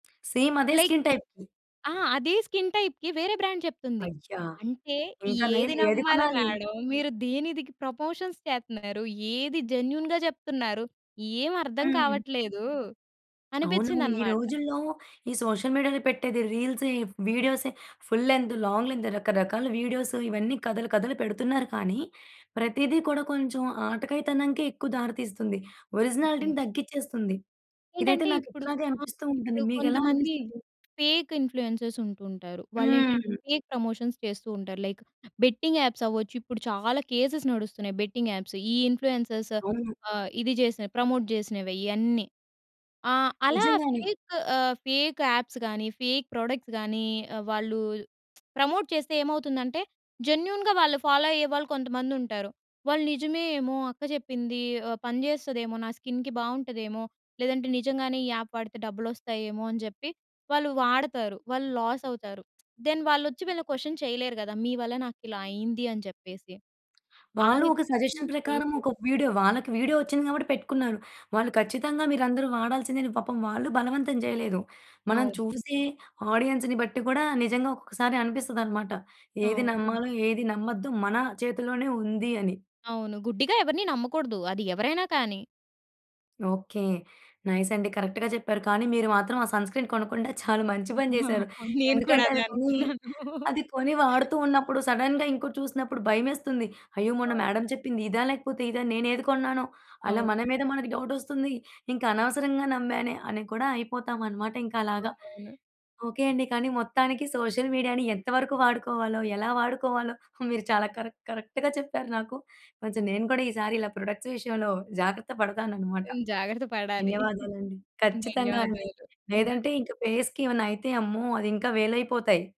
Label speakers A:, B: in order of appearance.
A: Same అదే
B: like,
A: skin టైప్‌వి
B: అహా! అది స్కిన్ టైప్‌కి వేరే బ్రాండ్ చెప్తుంది.
A: అయ్యా!
B: అంటే
A: ఇంకా నయం
B: ఏది
A: ఏది
B: నమ్మాల
A: కొనాలి.
B: మేడమ్. మీరు దేనిదికి ప్రపొషన్స్ చేస్తున్నారు, ఏది జెన్యూన్‌గా జెప్తున్నారు ఏమి అర్థం
A: హ్మ్.
B: కావట్లేదు!
A: అవునవును. ఈ
B: అనిపించిందన్నమాట.
A: రోజుల్లో ఈ సోషల్ మీడియాలో పెట్టేది రీల్స్, ఈ వీడియోసె, ఫుల్ లెన్త్, లాంగ్ లెన్త్ రకరకాల వీడియోస్, ఇవన్నీ కథలు కథలు పెడుతున్నారు కానీ, ప్రతిది కూడా కొంచెం ఆటకాయి తనంకే ఎక్కువ దారి తీస్తుంది.
B: అవును.
A: ఒరిజినాలిటీని తగ్గించేస్తుంది. ఇదైతే
B: ఏంటంటే
A: నాకు
B: ఇప్పుడు
A: ఇట్లాగే
B: ఆహ్,
A: అనిపిస్తూ ఉంటుంది.
B: ఇప్పుడు
A: మీకెలా
B: కొంతమంది
A: అనిపిస్తది?
B: ఫేక్ ఇన్‌ఫ్లుయెన్సర్స్ ఉంటూ ఉంటారు. వాళ్ళేంటంటే
A: హ్మ్.
B: ఫేక్ ప్రమోషన్స్ చేస్తూ ఉంటారు. లైక్ బెట్టింగ్ యాప్స్ అవ్వచ్చు. ఇప్పుడు చాలా కేసెస్ నడుస్తున్నాయి. బెట్టింగ్ యాప్స్ ఈ ఇన్‌ఫ్లుయెన్సర్స్
A: అవును.
B: ఆహ్, ఇది చేసిన ప్రమోట్ జేసినవె ఇయన్నీ. ఆహ్, అలా
A: నిజంగానే.
B: ఫేక్ ఆహ్, ఫేక్ యాప్స్ గాని, ఫేక్ ప్రొడక్ట్స్ గాని, ఆహ్, వాళ్ళు ప్రమోట్ చేస్తే ఏమవుతుందంటే జెన్యూన్‌గా వాళ్ళు ఫాలో అయ్యేవాళ్ళు కొంతమంది ఉంటారు. వాళ్ళు నిజమేమో అక్క చెప్పింది, ఆహ్, పనిజేస్తదేమో, నా స్కిన్‌కి బావుంటదేమో! లేదంటే నిజంగానే ఈ యాప్ వాడితే డబ్బులోస్తాయేమో! అని జెప్పి వాళ్ళు వాడతారు. వాళ్ళు లాస్ అవుతారు. దెన్ వాళ్ళు వచ్చి వీళ్ళని క్వశ్చన్ చేయలేరు కదా! మీ వల్ల నాకు ఇలా అయింది? అని చెప్పేసి ఆ
A: వాళ్ళు ఒక సజెషన్
B: విధమైనవి
A: ప్రకారం
B: చేయకుడదు.
A: ఒక వీడియో, వాళ్ళకి వీడియో వచ్చింది గాబట్టి పెట్టుకున్నారు. వాళ్ళు ఖచ్చితంగా మీరందరూ వాడాల్సిందే అని పాపం వాళ్ళు బలవంతం జేయలేదు. మనం
B: అవును.
A: చూసి ఆడియన్స్‌ని బట్టి కూడా నిజంగా ఒక్కొక్కసారి అనిపిస్తదన్నమాట. ఏది
B: అవును.
A: నమ్మాలో, ఏది నమ్మద్దు మన చేతిలోనే ఉంది అని.
B: అవును. గుడ్డిగా ఎవరిని నమ్మకూడదు. అది ఎవరైనా కానీ.
A: ఓకే. నైస్ అండి, కరెక్ట్‌గా జెప్పారు. కానీ, మీరు మాత్రం ఆ సన్‌స్క్రీన్ కొనకుండా చాలా మంచి పని చేసారు.
B: నేను కూడా
A: ఎందుకంటే,
B: అదే
A: అది కొని,
B: అనుకున్నాను.
A: అది కొని వాడుతున్నప్పుడు సడెన్‌గా ఇంకోటి చూసినప్పుడు భయమేస్తుంది. అయ్యో! మొన్న
B: అవును.
A: మేడమ్ చెప్పింది ఇదా? లేకపోతే ఇదా? నేను ఏది కొన్నానో! అలా
B: అవును.
A: మన మీద మనకు డౌటొస్తుంది. ఇంకా అనవసరంగా నమ్మానే అని కూడా అయిపోతామన్నమాట ఇంకా అలాగా.
B: అవునవును.
A: ఓకే అండి, కానీ మొత్తానికి సోషల్ మీడియాని ఎంత వరకు వాడుకోవాలో, ఎలా వాడుకోవాలో మీరు చాలా కరెక్ట్, కరెక్ట్‌గా చెప్పారు నాకు. కొంచెం నేను కూడా ఈసారి ప్రొడక్ట్స్ విషయంలో జాగ్రత్త పడతానన్నమాట.
B: ఎన్ జాగ్రత్త పడాలి.
A: ధన్యవాదాలండి. ఖచ్చితంగా అండి.
B: ధన్యవాదాలు.
A: లేదంటే ఇంకా ఫేస్‌కి ఏమైనా అయితే అమ్మో! అది ఇంకా వేలైపోతాయి.